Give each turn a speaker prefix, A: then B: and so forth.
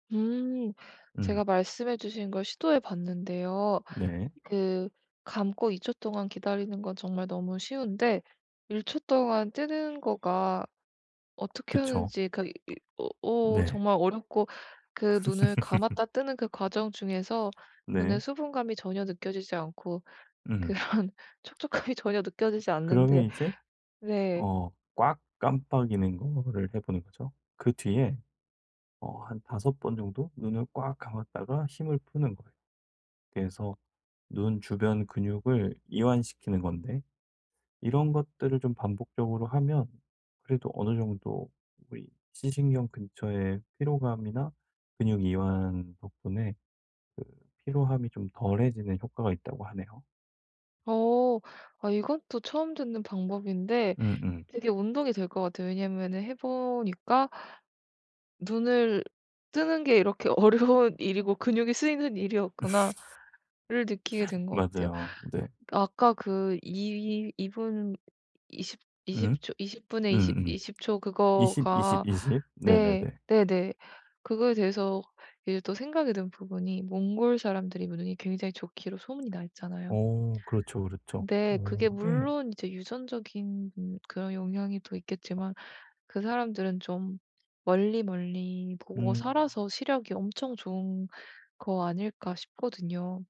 A: 음. 제가
B: 음.
A: 말씀해 주신 걸 시도해 봤는데요.
B: 네.
A: 그 감고 2 초 동안 기다리는 건 정말 너무 쉬운데 1 초 동안 뜨는 거가 어떻게
B: 그쵸.
A: 하는지 그 이 이 어 어
B: 네.
A: 정말 어렵고 그 눈을 감았다 뜨는 그 과정 중에서 눈의
B: 네.
A: 수분감이 전혀 느껴지지 않고
B: 으흠.
A: 그런 촉촉함이 전혀 느껴지지
B: 그러면
A: 않는데
B: 이제
A: 네.
B: 어 꽉 깜빡이는 거를 해 보는 거죠. 그 뒤에 어 한 5 번 정도 눈을 꽉 감았다가 힘을 푸는 거예요. 그래서 눈 주변 근육을 이완시키는 건데 이런 것들을 좀 반복적으로 하면 그래도 어느 정도 우리 시신경 근처에 피로감이나 근육 이완 덕분에 그 피로함이 좀 덜해지는 효과가 있다고 하네요.
A: 어. 아 이건 또 처음 듣는 방법인데
B: 음음.
A: 되게 운동이 될 것 같아요. 왜냐하면은 해 보니까 '눈을 뜨는 게 이렇게 어려운 일이고 근육이 쓰이는 일이었구나.'를 느끼게 된 것 같아요.
B: 맞아요. 네.
A: 아까 그 2- 2 분 20-
B: 음.
A: 20 초 20 분에 20-
B: 음음.
A: 20 초
B: 20 20
A: 그거가
B: 20 네네네.
A: 네. 네네 그거에 대해서 이제 또 생각이 든 부분이 몽골 사람들이 눈이 굉장히 좋기로 소문이 나 있잖아요.
B: 어 그렇죠, 그렇죠.
A: 근데
B: 오
A: 그게
B: 네.
A: 물론 이제 유전적인 음 그런 영향이 또 있겠지만 그 사람들은 좀 멀리멀리 보고
B: 음.
A: 살아서 시력이 엄청 좋은 거 아닐까 싶거든요.